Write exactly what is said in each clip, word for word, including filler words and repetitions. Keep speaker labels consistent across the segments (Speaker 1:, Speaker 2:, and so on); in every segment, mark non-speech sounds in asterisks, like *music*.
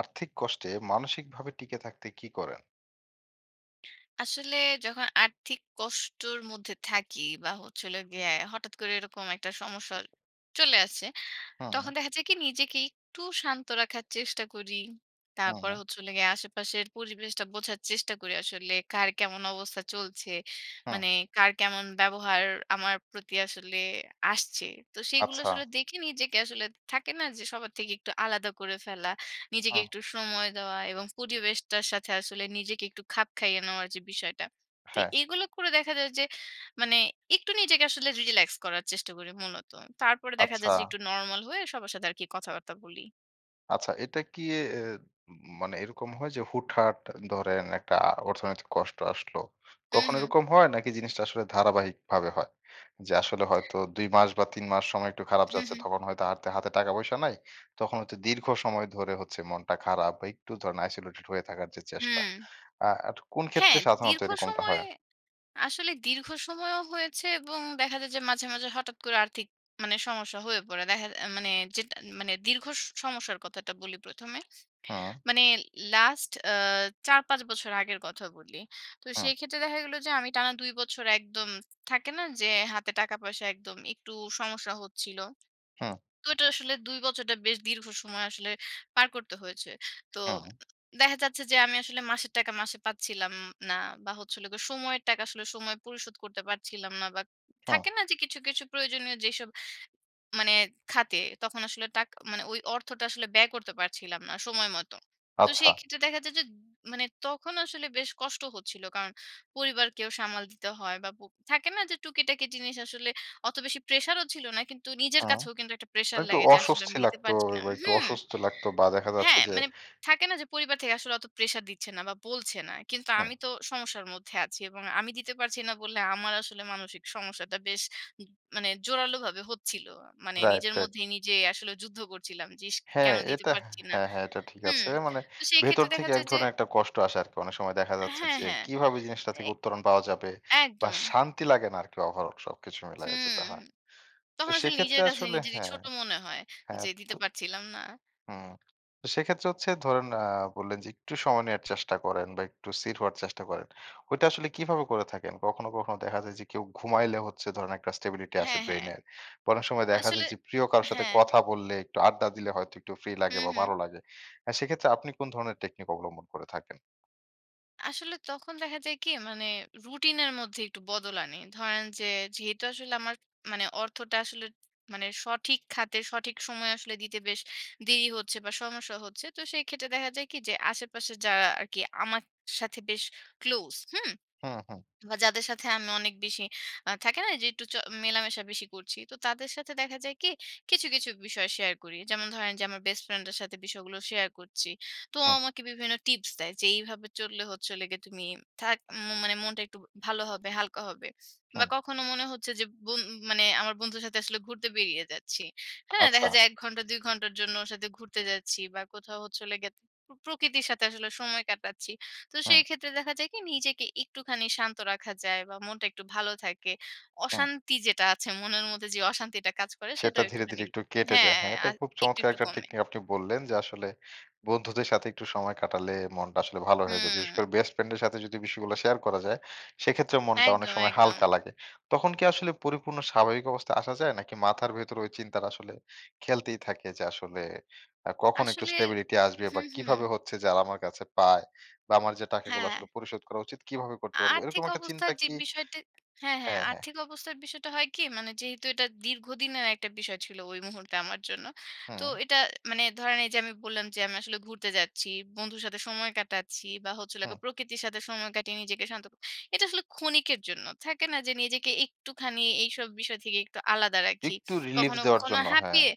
Speaker 1: আর্থিক কষ্টে মানসিকভাবে টিকে থাকতে কী করেন?
Speaker 2: আসলে যখন আর্থিক কষ্টর মধ্যে থাকি বা হচ্ছে হলো গিয়ে হঠাৎ করে এরকম একটা সমস্যা চলে আসে।
Speaker 1: হুম।
Speaker 2: তখন দেখা যায় কি নিজেকে একটু শান্ত রাখার চেষ্টা করি। তারপর
Speaker 1: হুম।
Speaker 2: হচ্ছে হলো গিয়ে আশেপাশের পরিবেশটা বোঝার চেষ্টা করি আসলে কার কেমন অবস্থা চলছে।
Speaker 1: হুম।
Speaker 2: মানে কার কেমন ব্যবহার আমার প্রতি আসলে আসছে। তো সেইগুলো
Speaker 1: আচ্ছা।
Speaker 2: আসলে দেখে নিজেকে আসলে থাকে না? যে সবার থেকে একটু আলাদা করে ফেলা। নিজেকে
Speaker 1: হু।
Speaker 2: একটু সময় দেওয়া এবং পরিবেশটার সাথে আসলে নিজেকে একটু খাপ খাইয়ে নেওয়ার যে বিষয়টা। তো
Speaker 1: হ্যাঁ।
Speaker 2: এগুলো করে দেখা যায় যে মানে একটু নিজেকে আসলে রিল্যাক্স করার চেষ্টা করি মূলত। তারপরে দেখা
Speaker 1: আচ্ছা।
Speaker 2: যায় যে একটু নরমাল হয়ে সবার সাথে আরকি কথা-বার্তা বলি।
Speaker 1: আচ্ছা। এটা কি এ এ উম মানে এরকম হয় যে হুটহাট আ ধরেন একটা অর্থনৈতিক কষ্ট আসলো,
Speaker 2: হু,
Speaker 1: তখন
Speaker 2: হু।
Speaker 1: এরকম হয়? নাকি জিনিসটা আসলে ধারাবাহিকভাবে হয়? যে আসলে হয়তো দুই মাস বা তিন মাস সময় একটু খারাপ
Speaker 2: হু,
Speaker 1: যাচ্ছে,
Speaker 2: হু।
Speaker 1: তখন হয়তো হাতে হাতে টাকা পয়সা নাই। তখন হয়তো দীর্ঘ সময় ধরে হচ্ছে মনটা খারাপ বা একটু ধরেন isolated হয়ে থাকার যে চেষ্টা।
Speaker 2: হুম।
Speaker 1: আ আর কোন
Speaker 2: হ্যাঁ,
Speaker 1: ক্ষেত্রে সাধারণত
Speaker 2: দীর্ঘ
Speaker 1: এরকমটা
Speaker 2: সময়ে
Speaker 1: হয়?
Speaker 2: আসলে দীর্ঘ সময়ও হয়েছে। এবং দেখা যায় যে মাঝে, মাঝে হঠাৎ করে আর্থিক মানে সমস্যা হয়ে পড়ে। দেখা আ মানে যেটান মানে দীর্ঘ স সমস্যার কথাটা বলি প্রথমে।
Speaker 1: হু।
Speaker 2: মানে লাস্ট আ চার-পাঁচ বছর আগের কথা বলি। তো
Speaker 1: হু।
Speaker 2: সেই ক্ষেত্রে দেখা গেল যে আমি টানা দুই বছর একদম থাকে না যে হাতে টাকা-পয়সা একদম একটু সমস্যা হচ্ছিল।
Speaker 1: হু।
Speaker 2: তো ঐটা আসলে দুই বছরডা বেশ দীর্ঘ সময় আসলে পার করতে হয়েছে। তো
Speaker 1: হু।
Speaker 2: *unintelligible* দেখা যাচ্ছে যে আমি আসলে মাসের টাকা মাসে পাচ্ছিলাম না বা হচ্ছে হলো গিয়ে সময়ের টাকা আসলে সময় পরিশোধ করতে পারছিলাম না। বা
Speaker 1: হু।
Speaker 2: থাকে না যে কিছু, কিছু প্রয়োজনীয় যেসব মানে খাতে তখন আসলে টাক অ মানে ওই অর্থটা আসলে ব্যয় করতে পারছিলাম না সময় মত। তো
Speaker 1: আচ্ছা।
Speaker 2: সেই ক্ষেত্রে দেখা যায় যে উ মানে তখন আসলে বেশ কষ্ট হচ্ছিল। কারণ পরিবারকেও সামাল দিতে হয় বা প থাকে না যে টুকিটাকি জিনিস, আসলে অত বেশি প্রেশার ও ছিল না। কিন্তু নিজের
Speaker 1: হু।
Speaker 2: কাছেও কিন্তু একটা
Speaker 1: আ
Speaker 2: প্রেশার
Speaker 1: একটু
Speaker 2: লাগে যে আসলে আমি
Speaker 1: অস্বস্তি
Speaker 2: দিতে
Speaker 1: লাগতো।
Speaker 2: পারছি
Speaker 1: এ
Speaker 2: না
Speaker 1: বা একটু
Speaker 2: হুম?
Speaker 1: অসুস্থ লাগত বা দেখা যাচ্ছে
Speaker 2: হ্যাঁ
Speaker 1: যে
Speaker 2: মানে থাকে না যে পরিবার থেকে আসলে অত প্রেশার দিচ্ছে না বা বলছে না। কিন্তু আমি
Speaker 1: হু।
Speaker 2: তো সমস্যার মধ্যে আছি। এবং আমি দিতে পারছি না বলে আমার আসলে মানসিক সমস্যাটা বেশ উম মানে জোরালোভাবে হচ্ছিল। মানে
Speaker 1: রাইট,
Speaker 2: নিজের
Speaker 1: রাইট।
Speaker 2: মধ্যেই নিজে আসলে যুদ্ধ করছিলাম যে, "ইশ!
Speaker 1: হ্যাঁ,
Speaker 2: কেন দিতে
Speaker 1: এটা হ্যাঁ
Speaker 2: পারছি না।"
Speaker 1: হ্যাঁ, হ্যাঁ, এটা ঠিক
Speaker 2: হুম।
Speaker 1: আছে। মানে
Speaker 2: তো সেই
Speaker 1: ভেতর
Speaker 2: ক্ষেত্রে দেখা
Speaker 1: থেকে এক
Speaker 2: যায় যে
Speaker 1: ধরনের একটা কষ্ট আসে আরকি। অনেক সময় দেখা
Speaker 2: অ্যা
Speaker 1: যাচ্ছে
Speaker 2: হ্যাঁ,
Speaker 1: যে
Speaker 2: হ্যাঁ।
Speaker 1: কিভাবে জিনিসটা
Speaker 2: এ
Speaker 1: থেকে উত্তরণ পাওয়া যাবে? বা
Speaker 2: একদম।
Speaker 1: শান্তি লাগে না আরকি overall সবকিছু মিলায়ে
Speaker 2: হুম।
Speaker 1: যেটা হা তো
Speaker 2: তখন আসলে
Speaker 1: সেক্ষেত্রে
Speaker 2: নিজের কাছে
Speaker 1: আসলে
Speaker 2: নিজেরই
Speaker 1: হ্যাঁ,
Speaker 2: ছোট মনে হয়।
Speaker 1: হ্যাঁ
Speaker 2: যে
Speaker 1: তো
Speaker 2: দিতে পারছিলাম না।
Speaker 1: হুম। তো সেক্ষেত্রে হচ্ছে ধরেন আ বললেন যে একটু সময় নেওয়ার চেষ্টা করেন বা একটু ছির হওয়ার চেষ্টা করেন। ওইটা আসলে কিভাবে করে থাকেন? কখনো, কখনো দেখা যায় যে কেউ ঘুমাইলে হচ্ছে ধরেন একটা stability আসে
Speaker 2: হ্যাঁ, হ্যাঁ।
Speaker 1: ব্রেইনের। বা অনেক সময় দেখা
Speaker 2: আসলে
Speaker 1: যায় যে প্রিয় কারো সাথে
Speaker 2: হ্যাঁ।
Speaker 1: কথা বললে, একটু আড্ডা দিলে হয়তো একটু ফ্রি
Speaker 2: হু,
Speaker 1: লাগে বা
Speaker 2: হু।
Speaker 1: ভাল লাগে। অ্যা সেক্ষেত্রে আপনি কোন ধরনের টেকনিক অবলম্বন করে থাকেন?
Speaker 2: আসলে তখন দেখা যায় কি? মানে রুটিনের মধ্যে একটু বদল আনি। ধরেন যে যেহেতু আসলে আমার মানে অর্থটা আসলে মানে সঠিক খাতে সঠিক সময় আসলে দিতে বেশ দেরি হচ্ছে বা সমস্যা হচ্ছে। তো সেই ক্ষেত্রে দেখা যায় কি? যে আশেপাশে যারা আরকি আমার সাথে বেশ ক্লোজ, হুম?
Speaker 1: হুম, হুম।
Speaker 2: *swallows* বা যাদের সাথে আমি অনেক বেশি আ থাকে না যে একটু চ মেলামেশা বেশি করছি। তো তাদের সাথে দেখা যায় কি? কিছু, কিছু বিষয় শেয়ার করি। যেমন ধরেন যে আমার বেস্ট ফ্রেন্ডের সাথে বিষয়গুলো শেয়ার করছি। তো ও
Speaker 1: হুম।
Speaker 2: আমাকে বিভিন্ন টিপস দেয় যে, "এইভাবে চললে হচ্ছে হলো গিয়ে তুমি থাক উম মানে মনটা একটু ভালো হবে, হালকা হবে।" বা
Speaker 1: হুম।
Speaker 2: কখনো মনে হচ্ছে যে বোন মানে আমার বন্ধুর সাথে আসলে ঘুরতে বেরিয়ে যাচ্ছি, হ্যাঁ?
Speaker 1: আচ্ছা।
Speaker 2: দেখা যায় এক ঘন্টা দুই ঘন্টার জন্য ওর সাথে ঘুরতে যাচ্ছি বা কোথাও হচ্ছে হলো গিয়ে প প্রকৃতির সাথে আসলে সময় কাটাচ্ছি। তো
Speaker 1: হুম।
Speaker 2: সেই ক্ষেত্রে দেখা যায় কি নিজেকে একটুখানি শান্ত রাখা যায় বা মনটা একটু ভালো থাকে।
Speaker 1: হুম।
Speaker 2: অশান্তি যেটা আছে, মনের মধ্যে যেই অশান্তিটা কাজ করে
Speaker 1: সেটা
Speaker 2: সেটাও
Speaker 1: ধীরে,
Speaker 2: একটুখানি
Speaker 1: ধীরে একটু কেটে
Speaker 2: হ্যাঁ
Speaker 1: যায়। হ্যাঁ, এটা
Speaker 2: আ
Speaker 1: খুব
Speaker 2: একটু,
Speaker 1: চমৎকার
Speaker 2: একটু
Speaker 1: একটা
Speaker 2: কমে।
Speaker 1: টেকনিক আপনি বললেন যে, আসলে বন্ধুদের সাথে একটু সময় কাটালে মনটা আসলে ভালো হয়ে যায়। বিশেষ করে
Speaker 2: হুম।
Speaker 1: বেস্ট ফ্রেন্ডের সাথে যদি বিষয়গুলা শেয়ার করা যায়, সেইক্ষেত্রেও মনটা অনেক
Speaker 2: একদম
Speaker 1: সময়
Speaker 2: একদম।
Speaker 1: হালকা লাগে। তখন কি আসলে পরিপূর্ণ স্বাভাবিক অবস্থায় আসা যায়? নাকি মাথার ভেতরে ঐ চিন্তাটা আসলে খেলতেই থাকে যে আসলে আ কখন একটু
Speaker 2: আসলে
Speaker 1: স্টেবিলিটি আসবে? বা
Speaker 2: হুম, হুম।
Speaker 1: কিভাবে হচ্ছে যারা আমার কাছে পায়? বা আমার যে টাকাগুলো
Speaker 2: হ্যাঁ।
Speaker 1: আসলে পরিশোধ করা উচিত? কিভাবে করতে পারবো? এরকম
Speaker 2: আর্থিক
Speaker 1: একটা
Speaker 2: অবস্থার
Speaker 1: চিন্তা
Speaker 2: যেই
Speaker 1: কি
Speaker 2: বিষয়টা হ্যাঁ, হ্যাঁ
Speaker 1: হ্যাঁ, হ্যাঁ।
Speaker 2: আর্থিক অবস্থার বিষয়টা হয় কি? মানে যেহেতু এইটা দীর্ঘদিনের একটা বিষয় ছিলো ঐ মুহূর্তে আমার জন্য। তো
Speaker 1: হুম।
Speaker 2: এটা মানে ধরেন এইযে আমি বললাম যে, "আমি আসলে ঘুরতে যাচ্ছি, বন্ধুর সাথে সময় কাটাচ্ছি বা হচ্ছে হলো
Speaker 1: হুম।
Speaker 2: গিয়ে প্রকৃতির সাথে সময় কাটিয়ে নিজেকে শান্ত ক" এটা আসলে ক্ষণিকের জন্য। থাকে না? যে নিজেকে একটুখানি এইসব বিষয় থেকে একটু আলাদা রাখি।
Speaker 1: একটু রিলিফ
Speaker 2: কখনো,
Speaker 1: দেওয়ার
Speaker 2: কখনো
Speaker 1: জন্য হ্যাঁ।
Speaker 2: হাঁপিয়ে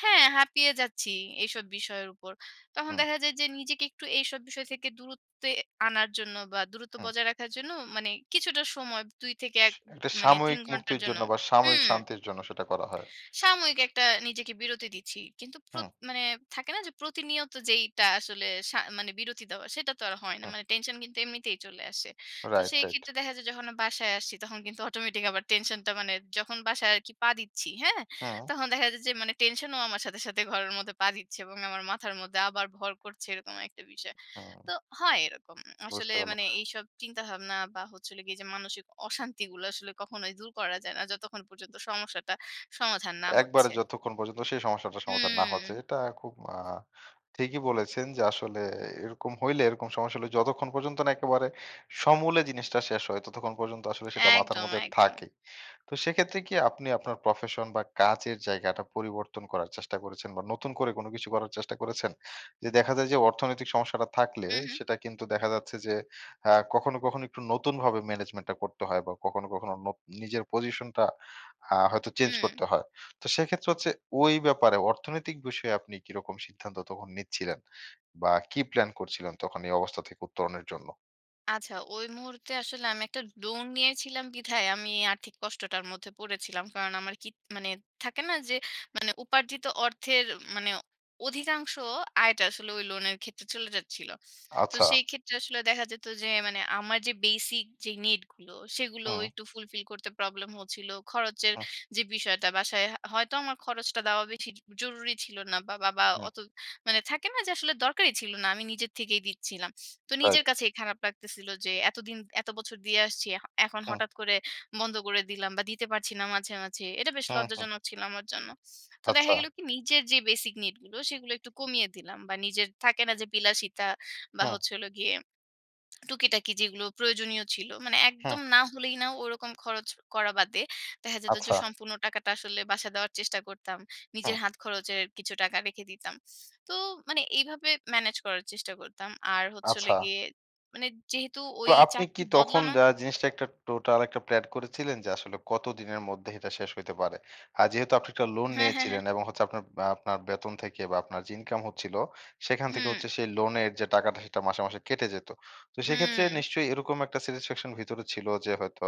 Speaker 2: হ্যাঁ হাঁপিয়ে যাচ্ছি এইসব বিষয়ের উপর। তখন
Speaker 1: হুম।
Speaker 2: দেখা যায় যে নিজেকে একটু এইসব বিষয় থেকে দূরত্বে আনার জন্য বা দূরত্ব
Speaker 1: হুম।
Speaker 2: বজায় রাখার জন্য মানে কিছুটা সময় দুই থেকে
Speaker 1: স
Speaker 2: এক উম
Speaker 1: একটা
Speaker 2: মানে তিন
Speaker 1: সাময়িক
Speaker 2: ঘন্টার
Speaker 1: মুক্তির
Speaker 2: জন্য
Speaker 1: জন্য বা সাময়িক
Speaker 2: হুম।
Speaker 1: শান্তির জন্য সেটা করা হয়।
Speaker 2: সাময়িক একটা নিজেকে একটা বিরতি দিচ্ছি। কিন্তু প্রত
Speaker 1: হুম।
Speaker 2: মানে থাকে না? যে প্রতিনিয়ত যেইটা আসলে সা মানে বিরতি দেওয়া সেটা তো আর হয় না।
Speaker 1: হুম।
Speaker 2: মানে টেনশন কিন্তু এমনিতেই চলে আসে। তো
Speaker 1: রাইট,
Speaker 2: সেই
Speaker 1: রাইট।
Speaker 2: ক্ষেত্রে দেখা যায় যখন অ বাসায় আসছি তখন *scoffs* কিন্তু অটোমেটিক আবার টেনশনটা মানে যখন বাসায় আরকি পা দিচ্ছি, হ্যাঁ?
Speaker 1: হুম।
Speaker 2: তখন দেখা যায় যে মানে টেনশনও আমার সাথে সাথে ঘরের মধ্যে পা দিচ্ছে এবং আমার মাথার মধ্যে আবার ভর করছে এরকম একটা বিষয়।
Speaker 1: হুম।
Speaker 2: তো হয় এরকম। আসলে
Speaker 1: বুঝতে পারলাম।
Speaker 2: মানে এইসব চিন্তা-ভাবনা বা হচ্ছে হলো গিয়ে যে মানসিক অশান্তিগুলা আসলে কখনোই দূর করা যায় না, যতক্ষণ পর্যন্ত সমস্যাটা সমাধান না
Speaker 1: একবারে
Speaker 2: হচ্ছে।
Speaker 1: যতক্ষণ পর্যন্ত সেই সমস্যাটার সমাধান না হচ্ছে
Speaker 2: হুম।
Speaker 1: এটা খুব আ ঠিকই বলেছেন যে আসলে এরকম হইলে এরকম সমস্যা হলে যতক্ষণ পর্যন্ত না একেবারে সমূলে জিনিসটা শেষ হয়, ততক্ষণ পর্যন্ত আসলে সেইটা মাথার
Speaker 2: একদম,
Speaker 1: মধ্যে
Speaker 2: একদম।
Speaker 1: থাকে। তো সেক্ষেত্রে কি আপনি আপনার প্রফেশন বা কাজের জায়গাটা পরিবর্তন করার চেষ্টা করেছেন? বা নতুন করে কোনো কিছু করার চেষ্টা করেছেন? যে দেখা যায় যে অর্থনৈতিক সমস্যাটা থাকলে
Speaker 2: হুম, হুম।
Speaker 1: সেটা কিন্তু দেখা যাচ্ছে যে আ কখনো, কখনো একটু নতুনভাবে ম্যানেজমেন্টটা করতে হয় বা কখনো, কখনো নোপ নিজের পজিশনটা হা হয়তো চেঞ্জ
Speaker 2: হুম।
Speaker 1: করতে হয়। তো সেইক্ষেত্রে হচ্ছে ঐ ব্যাপারে অর্থনৈতিক বিষয়ে আপনি কিরকম সিদ্ধান্ত তখন নিচ্ছিলেন? বা কি প্লান করছিলেন তখন এই অবস্থা থেকে উত্তরণের জন্য?
Speaker 2: আচ্ছা ঐ মুহূর্তে আসলে আমি একটা লোন নিয়েছিলাম বিধায় আমি এ আর্থিক কষ্টটার মধ্যে পড়েছিলাম। কারণ আমার কি মানে থাকে না যে মানে উপার্জিত অর্থের মানে অধিকাংশ আয়টা আসলে ঐ লোনের ক্ষেত্রে চলে যাচ্ছিলো। তো
Speaker 1: আচ্ছা।
Speaker 2: সেই ক্ষেত্রে আসলে দেখা যেতো যে মানে আমার যেই basic যেই need গুলো সেগুলোও
Speaker 1: হুম।
Speaker 2: একটু fulfill করতে প্রবলেম হচ্ছিলো। খরচের
Speaker 1: হুম।
Speaker 2: যে বিষয়টা বাসায় হ হয়তো আমার খরচটা দেওয়া বেশি জ জরুরি ছিলো না। বা বাবা
Speaker 1: হুম।
Speaker 2: অত মানে থাকে না যে আসলে দরকারই ছিলো না। আমি নিজের থেকেই দিচ্ছিলাম। তো নিজের
Speaker 1: রাইট।
Speaker 2: কাছেই খারাপ লাগতেছিলো যে এতদিন এতো বছর দিয়ে আসছি। এ এখন
Speaker 1: হুম।
Speaker 2: হঠাৎ করে বন্ধ করে দিলাম বা দিতে পারছি না মাঝে, মাঝে। এটা বেশ
Speaker 1: হুম, হুম।
Speaker 2: লজ্জাজনক ছিলো আমার জন্য। তো দেখা
Speaker 1: আচ্ছা।
Speaker 2: গেলো কি নিজের যে basic need গুলো, সেগুলো একটু কমিয়ে দিলাম বা নিজের থাকে না যে বিলাসিতা বা
Speaker 1: হুম।
Speaker 2: হচ্ছে হলো গিয়ে টুকিটাকি যেগুলো প্রয়োজনীয় ছিলো। মানে
Speaker 1: হুম।
Speaker 2: একদম না হলেই না ওরকম খরচ করা বাদে দেখা যেতো যে
Speaker 1: আচ্ছা।
Speaker 2: সম্পূর্ণ টাকাটা আসলে বাসায় দেওয়ার চেষ্টা করতাম।
Speaker 1: হুম।
Speaker 2: নিজের হাত খরচের কিছু টাকা রেখে দিতাম। তো মানে এইভাবে manage করার চেষ্টা করতাম। আর হচ্ছে হলো
Speaker 1: আচ্ছা।
Speaker 2: গিয়ে মানে যেহেতু ঐ
Speaker 1: তো আপনি কি
Speaker 2: চাকরি
Speaker 1: তখন
Speaker 2: বদলানো
Speaker 1: দা জিনিসটা একটা টোটাল একটা প্ল্যান করেছিলেন যে আসলে কতদিনের মধ্যে এটা শেষ হইতে পারে। আর যেহেতু আপনি একটা লোন
Speaker 2: হ্যাঁ, হ্যাঁ, হ্যাঁ।
Speaker 1: নিয়েছিলেন এবং হচ্ছে আপনার বা আপনার বেতন থেকে বা আপনার যে ইনকাম হচ্ছিলো সেখান থেকে
Speaker 2: হুম।
Speaker 1: হচ্ছে সেই লোনের যে টাকাটা সেইটা মাসে, মাসে কেটে যেতো। তো সেইক্ষেত্রে
Speaker 2: হুম।
Speaker 1: নিশ্চয়ই এরকম একটা satisfaction ভেতরে ছিলো যে হয়তো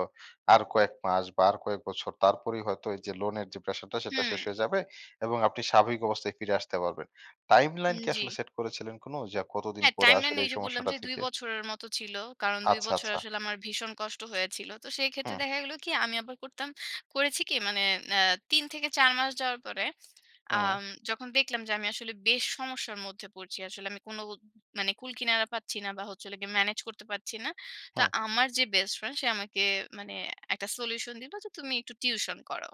Speaker 1: আর কয়েক মাস বা আর কয়েক বছর তারপরেই হয়তো এইযে লোনের যে প্রেশারটা সেটা শেষ
Speaker 2: হুম।
Speaker 1: হয়ে যাবে এবং আপনি স্বাভাবিক অবস্থায় ফিরে আসতে পারবেন। timeline
Speaker 2: উম
Speaker 1: কি
Speaker 2: জী।
Speaker 1: আসলে সেট করেছিলেন কোনো যে আর কতদিন
Speaker 2: হ্যাঁ,
Speaker 1: পরে
Speaker 2: timeline
Speaker 1: আসলে এই
Speaker 2: এইযে বললাম যে
Speaker 1: সমস্যাটা
Speaker 2: দুই
Speaker 1: থেকে
Speaker 2: বছরের মত ছিলো। কারণ দুই
Speaker 1: আচ্ছা,
Speaker 2: বছর
Speaker 1: আচ্ছা।
Speaker 2: আসলে আমার ভীষণ কষ্ট হয়েছিলো। তো সেই ক্ষেত্রে
Speaker 1: হুম।
Speaker 2: দেখা গেলো কি আমি আবার করতাম করেছি কি মানে ন্যা তিন থেকে চার মাস যাওয়ার পরে
Speaker 1: হুম।
Speaker 2: আম যখন দেখলাম যে আমি আসলে বেশ সমস্যার মধ্যে পড়ছি আসলে আমি কোনো ও মানে কুল-কিনারা পাচ্ছি না বা হচ্ছে হলো গিয়ে ম্যানেজ করতে পারছি না। তো
Speaker 1: হুম।
Speaker 2: আমার যে বেস্ট ফ্রেন্ড সে আমাকে মানে একটা solution দিলো যে, "তুমি একটু tuition করাও।"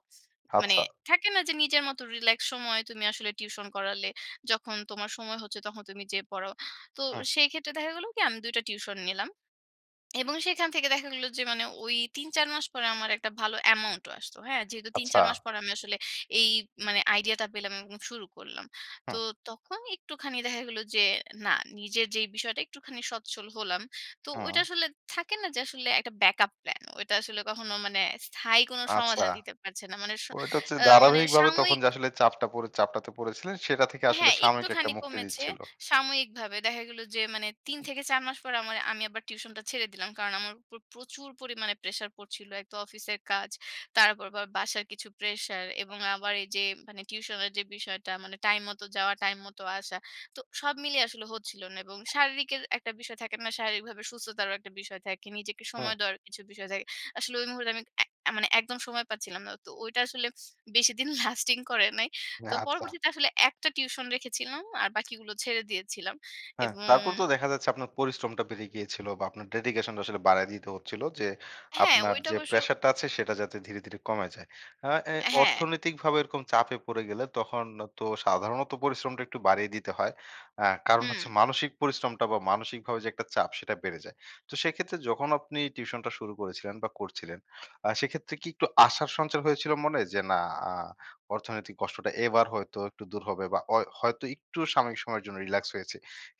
Speaker 2: মানে
Speaker 1: আচ্ছা।
Speaker 2: থাকে না যে, "নিজের মত relax সময় তুমি আসলে tuition করালে যখন তোমার সময় হচ্ছে তখন তুমি যেয়ে পড়াও।" তো
Speaker 1: হুম।
Speaker 2: সেই ক্ষেত্রে দেখা গেলো কি আমি দুই টা টিউশন নিলাম এবং সেখান থেকে দেখা গেলো যে মানে ঐ তিন-চার মাস পরে আমার একটা ভালো amount ও আসতো, হ্যাঁ? যেহেতু তিন-চার মাস
Speaker 1: আচ্ছা!
Speaker 2: পরে আমি আসলে এই মানে আইডিয়াটা পেলাম এবং শুরু করলাম। তো
Speaker 1: হুম।
Speaker 2: তখন একটুখানি দেখা গেল যে না নিজের যে বিষয়টা একটুখানি সচ্ছল হলাম। তো ঐটা
Speaker 1: হুম।
Speaker 2: আসলে থাকে না যে আসলে একটা backup plan। ঐটা আসলে কখনো মানে স্থায়ী কোনো
Speaker 1: আচ্ছা।
Speaker 2: সমাধান দিতে পারছে না। মানে স
Speaker 1: ঐটা হচ্ছে
Speaker 2: আ মানে
Speaker 1: দারাবাহিকভাবে তখন
Speaker 2: সাময়িক
Speaker 1: যে আসলে চাপটা পরে চাপটাতে পড়েছিলেন সেইটা থেকে আসলে
Speaker 2: হ্যাঁ,
Speaker 1: সাময়িক একটা
Speaker 2: একটুখানি
Speaker 1: মুক্তি
Speaker 2: কমেছে,
Speaker 1: দিচ্ছিলো।
Speaker 2: সাময়িকভাবে। দেখা গেলো যে মানে তিন থেকে চার মাস পর আমা আমি আবার tuition টা ছেড়ে দিলাম। কারণ আমার উপর প্রচুর পরিমাণে প্রেশার পড়ছিলো। এক তো অফিসের কাজ। তার উপর আবার বাসার কিছু প্রেশার এবং আবার এইযে মানে tuition এর যে বিষয়টা মানে টাইম মত যাওয়া, টাইম মত আসা। তো সব মিলিয়ে আসলে হচ্ছিলো না এবং শারীরিকের একটা বিষয় থাকে না? শারীরিকভাবে সুস্থতারও একটা বিষয় থাকে। নিজেকে
Speaker 1: হুম।
Speaker 2: সময় দেওয়ার কিছু বিষয় থাকে। আসলে ঐ মুহূর্তে আমি অ্যা মানে একদম সময় পাচ্ছিলাম না। তো ঐটা আসলে বেশিদিন *scoffs* lasting করে নাই।
Speaker 1: না
Speaker 2: তো
Speaker 1: আচ্ছা।
Speaker 2: পরবর্তীতে আসলে একটা tuition রেখেছিলাম। আর বাকিগুলো ছেড়ে দিয়েছিলাম।
Speaker 1: হ্যাঁ
Speaker 2: এবং
Speaker 1: তারপর তো দেখা যাচ্ছে আপনার পরিশ্রমটা বেড়ে গিয়েছিলো বা আপনার dedication টা আসলে বাড়ায় দিতে হচ্ছিলো যে
Speaker 2: হ্যাঁ,
Speaker 1: আপনার
Speaker 2: ঐটা
Speaker 1: যে
Speaker 2: অবশ্য
Speaker 1: প্রেশারটা আছে সেটা যাতে ধীরে, ধীরে কমে যায়। আ অ্যা
Speaker 2: অ্যা হ্যাঁ।
Speaker 1: অর্থনৈতিকভাবে এরকম চাপে পড়ে গেলে তখন তো সাধারণত পরিশ্রমটা একটু বাড়িয়ে দিতে হয়। আ কারণ হচ্ছে
Speaker 2: হুম।
Speaker 1: মানসিক পরিশ্রমটা বা মানসিকভাবে যে একটা চাপ সেটা বেড়ে যায়। তো সেইক্ষেত্রে যখন আপনি tuition টা শুরু করেছিলেন বা করছিলেন, আ সেইক্ষেত্রে কি একটু আশার সঞ্চার হয়েছিলো মনে যে, "না! আ অর্থনৈতিক কষ্টটা এবার হয়তো একটু দূর হবে বা অয় হয়তো একটু সাময়িক সময়ের জন্য রিল্যাক্স হয়েছে।"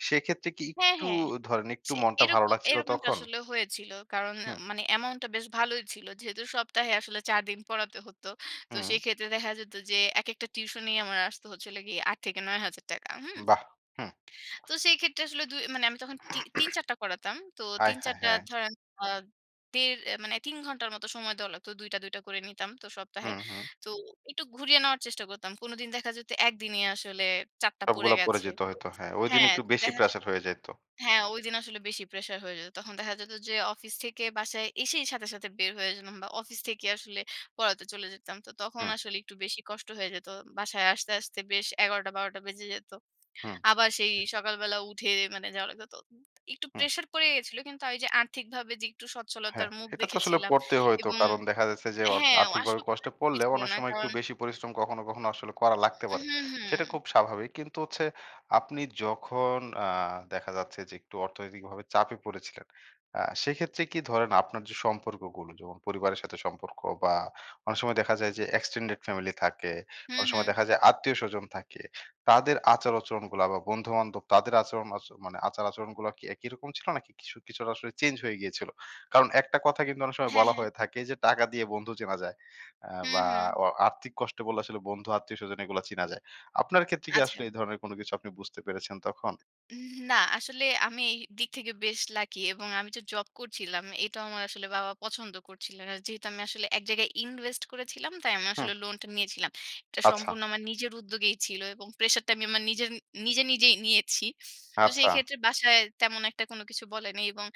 Speaker 1: সেইক্ষেত্রে কি
Speaker 2: হ্যাঁ,
Speaker 1: একটু
Speaker 2: হ্যাঁ।
Speaker 1: ধরেন একটু
Speaker 2: সে
Speaker 1: মনটা
Speaker 2: এরক
Speaker 1: ভালো লাগছিলো
Speaker 2: এরকমটা
Speaker 1: তখন?
Speaker 2: আসলে হয়েছিলো। কারণ আ
Speaker 1: হুম।
Speaker 2: মানে amount টা বেশ ভালোই ছিলো। যেহেতু সপ্তাহে আসলে চার দিন পড়াতে হতো। তো
Speaker 1: হুম।
Speaker 2: সেইক্ষেত্রে দেখা যেতো যে একেকটা টিউশনই আমার আসতো হচ্ছে হলো গিয়ে কি আট থেকে নয় হাজার টাকা হুম?
Speaker 1: বাহ! হুম।
Speaker 2: তো সেই ক্ষেত্রে আসলে দুই মানে আমি তখন তি তিন-চার টা করাতাম। তো
Speaker 1: *clears throat*
Speaker 2: তিন-চার
Speaker 1: আয়-হায়,
Speaker 2: টা
Speaker 1: হ্যাঁ।
Speaker 2: ধরেন আ দেড় এ মানে তিন ঘন্টার মতো সময় দেওয়া লাগতো। দুই টা, দুই টা করে নিতাম তো সপ্তাহে।
Speaker 1: হুম, হুম।
Speaker 2: তো একটু ঘুরিয়ে নেওয়ার চেষ্টা করতাম। কোনোদিন দেখা যেতো একদিনই আসলে চার টা পড়ে
Speaker 1: সবগুলা পরে
Speaker 2: গেছে
Speaker 1: যেতে
Speaker 2: তো
Speaker 1: হইতো, হ্যাঁ। ঐদিন
Speaker 2: হ্যাঁ,
Speaker 1: একটু
Speaker 2: তো
Speaker 1: বেশি
Speaker 2: দেখা যে
Speaker 1: প্রেশার হয়ে যাইতো।
Speaker 2: হ্যাঁ ঐদিন আসলে বেশি প্রেশার হয়ে যেতো। তখন দেখা যেতো যে অফিস থেকে বাসায় এসেই সাথে, সাথে বের হয়ে জেনাম বা অফিস থেকে আসলে পড়াতে চলে যেতাম। তো তখন
Speaker 1: হুম।
Speaker 2: আসলে একটু বেশি কষ্ট হয়ে যেতো। বাসায় আসতে, আসতে বেশ এগারো টা বারো টা বেজে যেতো।
Speaker 1: হুম।
Speaker 2: আবার সেই সকালবেলা উঠে মানে যাওয়া লাগতো। তো অব একটু
Speaker 1: হুম।
Speaker 2: প্রেশার পড়ে গেছিলো। কিন্তু আ ঐযে আর্থিকভাবে যে একটু
Speaker 1: হ্যাঁ,
Speaker 2: সচ্ছলতার মুখ
Speaker 1: এটা তো আসলে
Speaker 2: দেখেছিলাম
Speaker 1: পড়তেই হয়তো
Speaker 2: এবং
Speaker 1: কারণ দেখা যাচ্ছে যে, অর
Speaker 2: হ্যাঁ ও
Speaker 1: আর্থিকভাবে
Speaker 2: আসলেও করার
Speaker 1: কষ্টে
Speaker 2: কি
Speaker 1: পড়লেও
Speaker 2: ছিলো
Speaker 1: অনেক
Speaker 2: না।
Speaker 1: সময় একটু
Speaker 2: কারণ
Speaker 1: বেশি পরিশ্রম কখনো কখনো, আসলে করা লাগতে পারে।
Speaker 2: হুম,
Speaker 1: সেটা
Speaker 2: হুম।
Speaker 1: খুব স্বাভাবিক কিন্তু হচ্ছে আপনি যখন আ দেখা যাচ্ছে যে, একটু অর্থনৈতিকভাবে চাপে পড়েছিলেন। আ সেইক্ষেত্রে কি ধরেন আপনার যে সম্পর্কগুলো যেমন পরিবারের সাথে সম্পর্ক বা অনেক সময় দেখা যায় যে extended ফ্যামিলি থাকে,
Speaker 2: হুম,
Speaker 1: অনেক সময়
Speaker 2: হুম।
Speaker 1: দেখা যায় আত্মীয়-স্বজন থাকে। তাদের আচার-আচরণগুলা বা বন্ধু-বান্ধব তাদের আচরণ আচ মানে আচার-আচরণগুলা কি একই রকম ছিলো নাকি কিছু কিছুটা আসলে চেঞ্জ হয়ে গিয়েছিলো? কারণ একটা কথা কিন্তু অনেক সময়
Speaker 2: হ্যাঁ,
Speaker 1: বলা
Speaker 2: হ্যাঁ।
Speaker 1: হয়ে থাকে যে, "টাকা দিয়ে বন্ধু চেনা যায়। অ্যা
Speaker 2: হুম,
Speaker 1: বা
Speaker 2: হুম।
Speaker 1: অ আর্থিক কষ্টে পড়লে আসলে বন্ধু, আত্মীয়-স্বজন এইগুলা চিনা যায়।" আপনার ক্ষেত্রে কি
Speaker 2: আচ্ছা।
Speaker 1: আসলে এই ধরনের কোনো কিছু আপনি বুঝতে পেরেছেন তখন?
Speaker 2: উম না, আসলে আমি এই দিক থেকে বেশ লাকি এবং আমি যে জব করছিলাম। এটাও আমার আসলে বাবা পছন্দ করছিলেন। আর যেহেতু আমি আসলে এক জায়গায় invest করেছিলাম তাই আমি আসলে
Speaker 1: হুম।
Speaker 2: লোনটা নিয়েছিলাম। এটা
Speaker 1: আচ্ছা।
Speaker 2: সম্পূর্ণ আমার নিজের উদ্যোগেই ছিলো এবং প্রেশারটা আমি আমার নিজেরন নিজে, নিজেই নিয়েছি। তো সেই
Speaker 1: আচ্ছা।
Speaker 2: ক্ষেত্রে বাসায় তেমন একটা কোনো কিছু বলে নাই এবং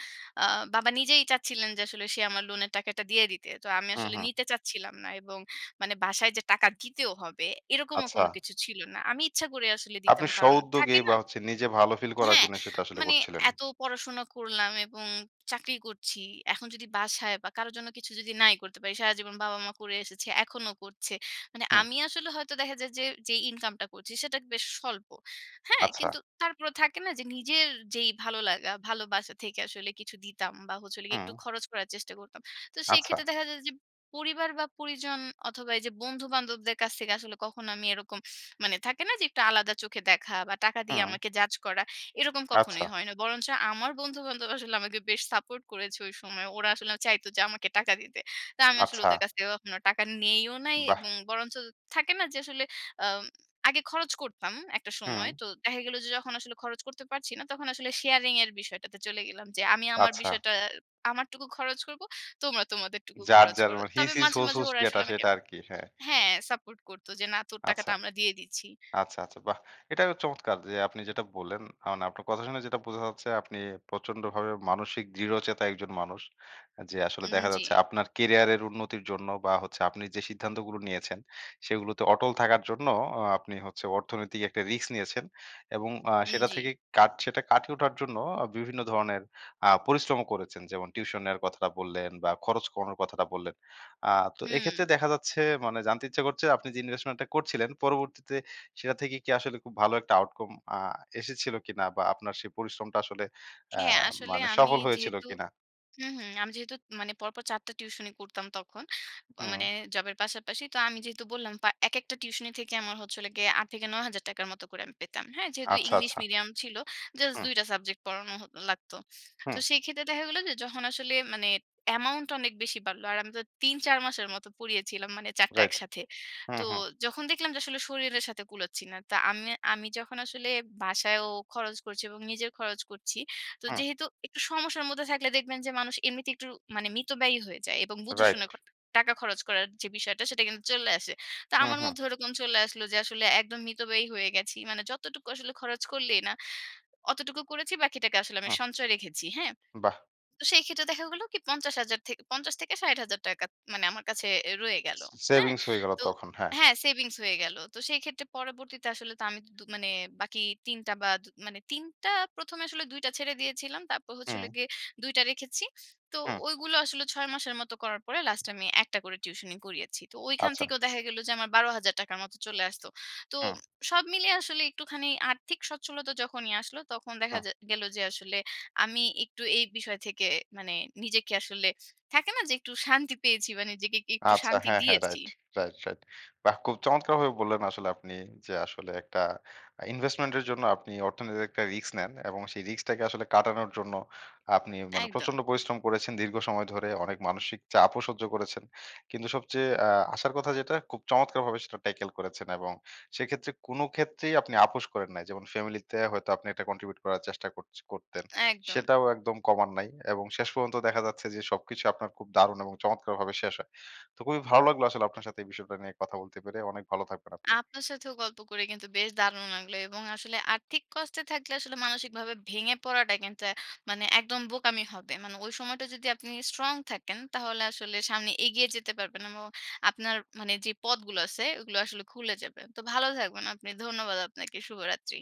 Speaker 2: আ বাবা নিজেই চাচ্ছিলেন যে আসলে সে আমার লোনের টাকাটা দিয়ে দিতে। তো আমি
Speaker 1: হুম,
Speaker 2: আসলে
Speaker 1: হুম।
Speaker 2: নিতে চাচ্ছিলাম না এবং মানে বাসায় যে টাকা দিতেও হবে, এরকমও
Speaker 1: আচ্ছা।
Speaker 2: কোনো কিছু ছিলো না। আমি ইচ্ছা করে আসলে
Speaker 1: আপনি
Speaker 2: দিতাম কারণ
Speaker 1: স্ব-উদ্যোগে
Speaker 2: থাকে না?
Speaker 1: বা হচ্ছে নিজে ভালো ফিল করার
Speaker 2: হ্যাঁ।
Speaker 1: জন্য সেটা আসলে
Speaker 2: মানে
Speaker 1: করছিলেন।
Speaker 2: এতো পড়াশোনা করলাম এবং চাকরি করছি। এখন যদি বাসায় বা কারো জন্য কিছু যদি নাই করতে পারি, সারাজীবন বাবা-মা করে এসেছে, এখনো করছে। মানে
Speaker 1: হুম।
Speaker 2: আমি আসলে হয়তো দেখা যায় যে যেই ইনকামটা করছি সেটা বেশ স্বল্প, হ্যাঁ?
Speaker 1: আচ্ছা।
Speaker 2: কিন্তু তারপরেও থাকে না যে নিজের যেই ভালো লাগা, ভালোবাসা থেকে আসলে কিছু দিতাম বা হচ্ছে হলো গিয়ে একটু
Speaker 1: হুম।
Speaker 2: খরচ করার চেষ্টা করতাম। তো সেই ক্ষেত্রে
Speaker 1: আচ্ছা।
Speaker 2: দেখা যায় যে পরিবার বা পরিজন অথবা এইযে বন্ধু-বান্ধবদের কাছ থেকে আসলে কখনো আমি এরকম মানে থাকে না যে একটু আলাদা চোখে দেখা বা টাকা দিয়ে
Speaker 1: হুম।
Speaker 2: আমাকে judge করা, এরকম
Speaker 1: আচ্ছা।
Speaker 2: কখনোই হয় না। বরঞ্চ আমার বন্ধু-বান্ধব আসলে আমাকে বেশ সাপোর্ট করেছে ঐ সময়। ওরা আসলে আ চাইতো যে আমাকে টাকা দিতে। তো আমি আসলে
Speaker 1: আচ্ছা।
Speaker 2: ওদের কাছ থেকে কখনো টাকা নেইও নাই
Speaker 1: বাহ!
Speaker 2: এবং বরঞ্চ থাকে না যে আসলে আম আগে খরচ করতাম একটা সময়।
Speaker 1: হুম।
Speaker 2: তো দেখা গেলো যে যখন আসলে খরচ করতে পারছি না তখন আসলে sharing এর বিষয়টাতে চলে গেলাম যে, "আমি আমার
Speaker 1: আচ্ছা।
Speaker 2: বিষয়টা আমারটুকু খরচ করবো। তোমরা তোমাদের টুকু
Speaker 1: যার,
Speaker 2: খরচ করো।"
Speaker 1: যারমে his
Speaker 2: তবে
Speaker 1: his
Speaker 2: মাঝে
Speaker 1: whose
Speaker 2: মাঝে
Speaker 1: whose
Speaker 2: ওরা
Speaker 1: যেটা
Speaker 2: আসলে আমাকে
Speaker 1: সেটা আরকি, হ্যাঁ।
Speaker 2: হ্যাঁ, সাপোর্ট করত যে, "না! তোর
Speaker 1: আচ্ছা।
Speaker 2: টাকাটা আমরা দিয়ে দিচ্ছি।"
Speaker 1: আচ্ছা, আচ্ছা বাহ! এটাও চমৎকার যে আপনি যেটা বললেন। আ মানে আপনার কথা শুনে যেটা বোঝা যাচ্ছে আপনি প্রচন্ডভাবে মানসিক দৃঢ়চেতা একজন মানুষ। আ যে আসলে দেখা যাচ্ছে
Speaker 2: উম-জী।
Speaker 1: আপনার ক্যারিয়ারের উন্নতির জন্য বা হচ্ছে আপনি যে সিদ্ধান্তগুলো নিয়েছেন, সেগুলোতে অটল থাকার জন্য অ আপনি হচ্ছে অর্থনৈতিক একটা রিস্ক নিয়েছেন এবং আ সেটা
Speaker 2: উম-জী।
Speaker 1: থেকে কাট সেটা কাটিয়ে ওঠার জন্য ও বিভিন্ন ধরনের আ পরিশ্রমও করেছেন। যেমন tuition এর কথাটা বললেন বা খরচ কমানোর কথাটা বললেন। আ তো এক্ষেত্রে
Speaker 2: হুম।
Speaker 1: দেখা যাচ্ছে মানে জানতে ইচ্ছে করছে আপনি যে investment টা করছিলেন পরবর্তীতে সেটা থেকে কি আসলে খুব ভালো একটা outcome আ এসেছিলো কিনা? বা আপনার সেই পরিশ্রমটা আসলে অ্যা
Speaker 2: হ্যাঁ, আসলে
Speaker 1: মানে
Speaker 2: আমি
Speaker 1: সফল হয়েছিলো
Speaker 2: যেহেতু
Speaker 1: কিনা?
Speaker 2: হুম হুম, আমি যেহেতুত ম মানে পরপর চার টা টিউশনি করতাম তখন, আ
Speaker 1: হুম।
Speaker 2: মানে জবের পাশাপাশি। তো আমি যেহেতু বললাম পা একেকটা টিউশনি থেকে আমার হচ্ছে হলো গিয়ে আট থেকে নয় হাজার টাকা র মতো করে আমি পেতাম, হ্যাঁ? যেহেতু
Speaker 1: আচ্ছা,
Speaker 2: ইংলিশ
Speaker 1: আচ্ছা।
Speaker 2: মিডিয়াম ছিলো। জাছ
Speaker 1: হুম।
Speaker 2: দুই টা সাবজেক্ট পড়ানো হতো লাগতো। তো
Speaker 1: হুম।
Speaker 2: সেই ক্ষেত্রে দেখা গেলো যে যখন আসলে মানে amount টা অনেক বেশি বাড়লো। আর আমি তো তিন চার মাসের মতো পড়িয়েছিলাম মানে চার টা
Speaker 1: রাইট।
Speaker 2: একসাথে।
Speaker 1: হুম,
Speaker 2: তো
Speaker 1: হুম।
Speaker 2: যখন দেখলাম যে আসলে শরীরের সাথে কুলাচ্ছি না। তো আমে আমি যখন আসলে বাসায়ও খরচ করছি এবং নিজের খরচ করছি। তো
Speaker 1: হুম।
Speaker 2: যেহেতু একটু সমস্যার মধ্যে থাকলে দেখবেন যে মানুষ এমনিতে একটু মানে মিতব্যয়ী হয়ে যায় এবং বুঝে
Speaker 1: রাইট।
Speaker 2: শুনে কট টাকা খরচ করার যে বিষয়টা সেটা কিন্তু চলে আসে। তো
Speaker 1: উম,
Speaker 2: আমার
Speaker 1: হুম।
Speaker 2: মধ্যেও ওরকম চলে আসলো যে আসলে একদম মিতব্যয়ী হয়ে গেছি। মানে যতটুকু আসলে খরচ করলেই না, অতটুকু করেছি বাকিটাকে আসলে আমি
Speaker 1: হুম।
Speaker 2: সঞ্চয় রেখেছি, হ্যাঁ?
Speaker 1: বাহ!
Speaker 2: তো সেই ক্ষেত্রে দেখা গেলো কি পঞ্চাশ হাজার থেক পঞ্চাশ থেকে ষাট হাজার টাকা ত মানে আমার কাছে অ্যা রয়ে গেলো,
Speaker 1: সে
Speaker 2: হ্যাঁ?
Speaker 1: savings হয়ে গেলো
Speaker 2: তো
Speaker 1: তখন, হ্যাঁ।
Speaker 2: হ্যাঁ savings হয়ে গেলো। তো সেই ক্ষেত্রে পরবর্তীতে আসলে তো আমি দু দু মানে বাকি তিন টা বা দু মানে তিন টা প্রথমে আসলে দুই টা ছেড়ে দিয়েছিলাম। তারপর হচ্ছে হলো
Speaker 1: হুম।
Speaker 2: গিয়ে দুই টা রেখেছি। তো
Speaker 1: হুম।
Speaker 2: ঐগুলো আসলে ছয় মাসের মতো করার পরে লাস্টে আমি একটা করে টিউশনি করিয়েছি। তো ঐখান
Speaker 1: আচ্ছা।
Speaker 2: থেকেও দেখা গেলো যে আমার বারো হাজার টাকার মতো চলে আসতো। তো
Speaker 1: হুম।
Speaker 2: ম সব মিলিয়ে আসলে একটুখানি আর্থিক সচ্ছলতা যখনই আসলো তখন দেখা
Speaker 1: হুম।
Speaker 2: যা গেলো যে আসলে আমি একটু এই বিষয় থেকে মানে নিজেকে আসলে, থাকে না? যে একটু শান্তি পেয়েছি বা নিজেকে একটু
Speaker 1: আচ্ছা
Speaker 2: শান্তি
Speaker 1: হ্যাঁ, হ্যাঁ,
Speaker 2: দিয়েছি।
Speaker 1: রাইট। Right, right. বাহ! খুব চমৎকারভাবে বললেন আসলে আপনি যে আসলে একটা আ investment এর জন্য আপনি অর্থনৈতিক একটা রিস্ক নেন এবং সেই রিস্কটাকে আসলে কাটানোর জন্য আপনি মানে
Speaker 2: একদম।
Speaker 1: প্রচন্ড পরিশ্রম করেছেন দীর্ঘ সময় ধরে অনেক মানসিক চাপও সহ্য করেছেন। কিন্তু সবচেয়ে অ্যা আশার কথা যেটা খুব চমৎকারভাবে সেটা ট্যাকেল করেছেন এবং সেইক্ষেত্রে কোনো ক্ষেত্রেই আপনি আপোস করেন নাই। যেমন ফ্যামিলিতে হয়তো আপনি একটা contribute করার চেষ্টা করছ করতেন।
Speaker 2: একদম।
Speaker 1: সেটাও একদম কমান নাই এবং শেষ পর্যন্ত দেখা যাচ্ছে যে সবকিছু আপনার খুব দারুণ এবং চমৎকারভাবে শেষ হয়। তো খুবই ভালো লাগলো আসলে আপনার সাথে এই বিষয়টা নিয়ে কথা বলতে পেরে। অনেক ভালো থাকবেন আপনি।
Speaker 2: আপনার সাথেও গল্প করে কিন্তু বেশ দারুণ লাগলো এবং আসলে আর্থিক কষ্টে থাকলে আসলে মানসিকভাবে ভেঙে পড়াটা কিন্তু অ্যা মানে একদম বোকামি হবে। মানে ঐ সময়টা যদি আপনি স্ট্রং থাকেন তাহলে আসলে সামনে এগিয়ে যেতে পারবেন এমো আপনার মানে যেই পথগুলো আছে ওগুলো আসলে খুলে যাবে। তো ভালো থাকবেন আপনি। ধন্যবাদ আপনাকে। শুভরাত্রি।